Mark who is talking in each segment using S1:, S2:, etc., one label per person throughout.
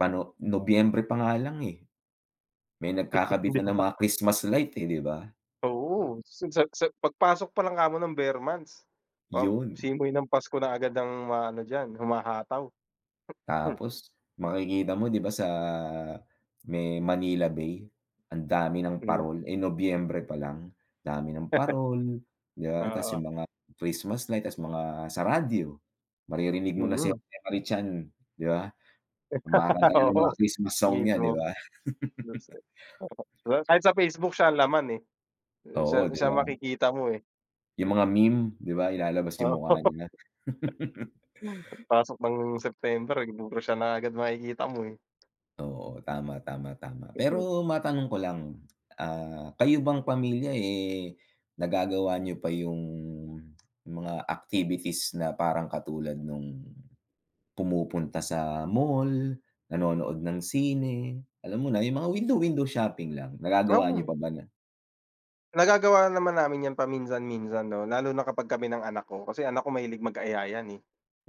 S1: Pa'no Nobyembre pa nga lang, eh. May nagkakabit
S2: 'Di
S1: na ng
S2: ba?
S1: mga Christmas light, eh, 'di ba?
S2: Oo, sa sa pagpasok palang kamo ng ber months, ah,
S1: 'Yun.
S2: simoy ng pasko na agad ang maano diyan humahataw.
S1: Tapos makikita mo 'di ba, sa may Manila Bay ang dami ng
S2: Hmm.
S1: parol, eh, Nobyembre palang, dami ng parol 'di ba tas 'yung
S2: Oo.
S1: mga Christmas light, tas mga sa radyo, maririnig mo na si
S2: Mm.
S1: Jose Marie Chan, 'di ba, kumakanta na ng mga
S2: Oo,
S1: Christmas song niya, 'di
S2: mismo.
S1: ba.
S2: [unintelligible] kahit sa Facebook siya ang laman, eh,
S1: Oo,
S2: siya
S1: 'di
S2: siya
S1: ba.
S2: makikita mo, eh.
S1: 'Yung mga meme 'di ba, ilalabas 'yung
S2: Oo.
S1: mukha nila.
S2: Pagpasok ng September, eh, puro siya na agad makikita mo, eh.
S1: Oo, tama tama tama.
S2: Mhm.
S1: Pero matanong ko lang, ah, kayo bang pamilya, eh, nagagawa niyo pa 'yung mga activities na parang katulad no'ng pumupunta sa mall, nanonood ng sine, alam mo na, 'yung mga window window shopping lang, nagagawa niyo
S2: Mhm.
S1: pa ba na?
S2: Nagagawa naman namin 'yan paminsan-minsan 'no, lalo na kapag kami ng anak ko, kasi anak ko mahilig mag-aya 'yan, eh,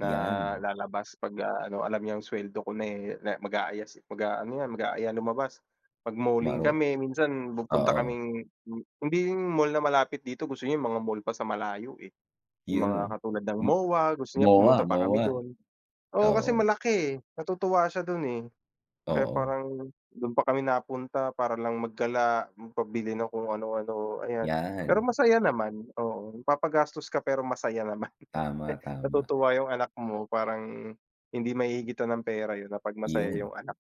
S2: na
S1: 'Yan.
S2: lalabas pagka ano alam niyang suweldo ko na na, eh, mag-aaya mag-aano 'yan mag-aaya lumabas, mag-malling
S1: Maro.
S2: kami minsan pupunta
S1: Oo.
S2: kaming hindi mall na malapit dito gusto niya 'yung mga mall pa sa malayo, eh. 'Yung
S1: 'Yun,
S2: mga
S1: oh.
S2: katulad ng
S1: M
S2: MOA gusto niya pumunta
S1: MOA
S2: pa kami
S1: MOA?
S2: do'n, oo, kasi
S1: Oo.
S2: malaki, eh, natutuwa siya do'n, eh. Kaya
S1: Oo.
S2: parang do'n pa kami napunta para lang magdala magpabili ng kung ano-ano ayan.
S1: 'Yan.
S2: Pero masaya naman, oo, napapagastos ka pero masaya naman,
S1: Tama, tama.
S2: natutuwa 'yung anak mo parang hindi mahihigitan ng pera 'yun na 'pag masaya
S1: 'Yun.
S2: 'yung anak.